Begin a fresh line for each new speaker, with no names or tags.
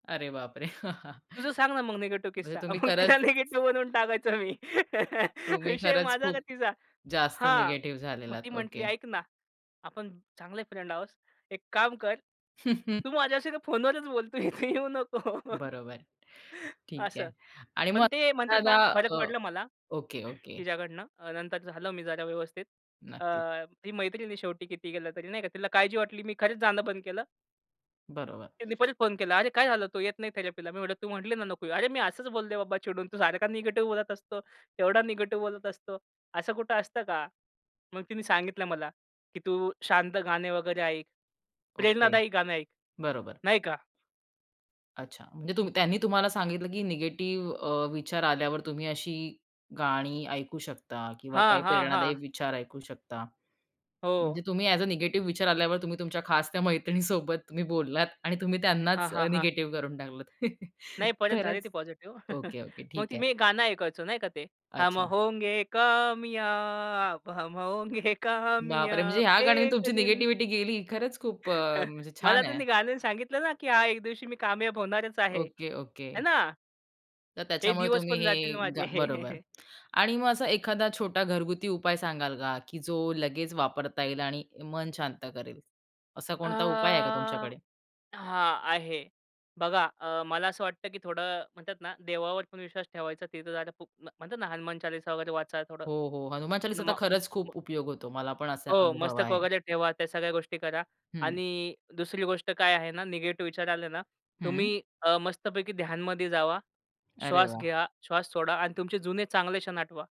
अरे बापरे!
"तुझं सांग ना, मग निगेटिव्ह
म्हणजे
किस्सा."
तुम्ही
मग तिला
खरंच
निगेटिव्ह बनवून टाकायचो मी.
तुम्ही
विषय
खरंच
माझा का
खूप
तिचा.
जास्त
हां,
निगेटिव्ह
मग ती
झालेलात.
म्हटली
ओके.
"ऐक ना, आपण चांगले फ्रेंड आहोत. एक काम कर, तू माझ्याशी ना, फोनवरच बोल, इथे येऊ नको."
बरोबर, ठीक
असं.
आहे आणि मग
पण ते म्हणतात ना,
[unintelligible]
फरक
अ,
पडलं मला
ओके ओके.
तिच्याकडनं अ, नंतर झालो मी जरा व्यवस्थित. अ,
नक्कीच.
ती मैत्रिण आहे शेवटी किती केलं तरी नाही का, तिला काळजी वाटली. मी खरंच जाणं बंद केलं.
बरोबर.
तिने परत फोन केला. "अरे, काय झालं, तू येत नाही थेरपीला" मी म्हणलं "तू म्हटली ना, नको येऊ." "अरे, मी असंच बोलले बाबा चिडून, तू सारखा निगेटिव्ह बोलत असतो. तेवढा निगेटिव्ह बोलत असतो. असं कुठं असतं का?" मग तिनी सांगितलं मला, की "तू शांत गाणे वगैरे ऐक.
ओके,
प्रेरणादायी गाणं ऐक"
बरोबर.
नाही का.
अच्छा, म्हणजे तुम त्यांनी तुम्हाला सांगितलं, की निगेटिव्ह अ, विचार आल्यावर तुम्ही अशी गाणी ऐकू शकता किंवा
हां,
काही
हां,
प्रेरणादायी
हां.
विचार ऐकू शकता. म्हणजे
हो.
तुम्ही अ‍ॅज अ निगेटिव्ह विचार आल्यावर तुम्ही तुमच्या खास त्या मैत्रिणीसोबत तुम्ही बोललात आणि तुम्ही त्यांनाच
हां,
अ,
हां, हां.
निगेटिव्ह करून टाकलत.
नाही. परत झाली
खरंच,
ती पॉझिटिव्ह
ओके, ओके.
मग
ठीक
ती
आहे.
मी एक गाणं ऐकायचो नाही का ते हम
अच्छा.
होंगे कामयाब, हम होंगे
बापरे! म्हणजे
कामयाब
ह्या गाण्यानी
एक
तुमची
दिन.
निगेटिव्हिटी गेली. खरंच, खूप अ, म्हणजे
मला
छान आहे.
त्यांनी गाण्याने सांगितलं ना, की हां, एक दिवशी मी कामयाब होणारच आहे.
Okay, okay.
है ना.
तर
हे
त्याच्यामुळे
दिवस
तुम्ही
पण जातील
हे
माझे
गा बरोबर आणि मग असा एखादा छोटा घरगुती उपाय सांगाल का, की जो लगेच वापरता येईल आणि मन शांत करेल, असा
अ,
कोणता उपाय आहे का तुमच्याकडे?
हां, आहे. बघा अ, मला असं वाटत, की थोडं म्हणतात ना, देवावर पण विश्वास ठेवायचा. तिथं जाणं खूप म्हणतात ना, हनुमान चालीसा वगैरे वाचा थोडं.
हो, हो. हनुमान चालीसा तर
नमा
खरंच
[unintelligible]
खूप उपयोग होतो. मला पण असा
हो,
अनुभव
मस्तक
आहे.
वगैरे ठेवा, त्या सगळ्या गोष्टी करा
हं.
आणि दुसरी गोष्ट काय आहे ना, निगेटिव्ह विचार आले ना,
हं.
तुम्ही अ, मस्तपैकी ध्यानमध्ये जावा.
अरे
श्वास
वाह!
घ्या, श्वास सोडा अन् तुमचे जुने चांगले क्षण आठवा.